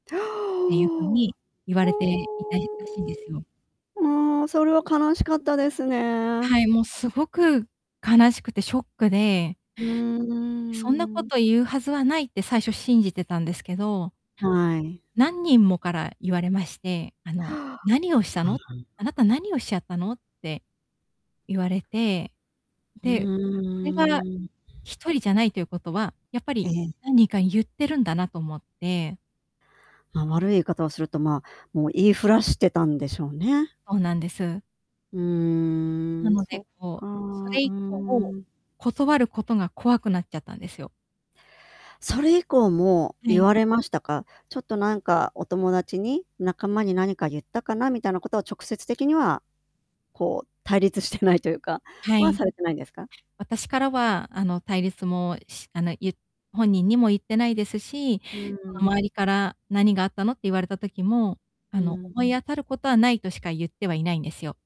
っていう風ほお。に、言われていたいらしいんですよ。ああ、それは悲しかったですね。はい、もうすごく、悲しくてショックで。うー「そんなこん。と言うはずはない」って最初信じてたんですけど。はい。何人もから言われまして、あの 「何をしたの？あなた何をしちゃったの？」って。言われて。うで、これは、ーん。1人じゃないということは、やっぱえりえ。何人か言ってるんだなと思って。まあ、悪い言い方をすると、まあ、もう言いふらしてたんでしょうね。そうなんです。うなーん、のそっで、か。こうう、それー以降、ん。断ることが怖くなっちゃったんですよ。それ以降もは言い。われましたか？ちょっとなんかお友達に、仲間に何か言ったかなみたいなことは直接的には、こう、対立してないというかはは、い。されてないんですか？私からはあの、対立も、しあの、ゆ本人にも言ってないですし、うーそのん。周りから「何があったの？」って言われた時も、あうのん。「思い当たることはない」としか言ってはいないんですよ。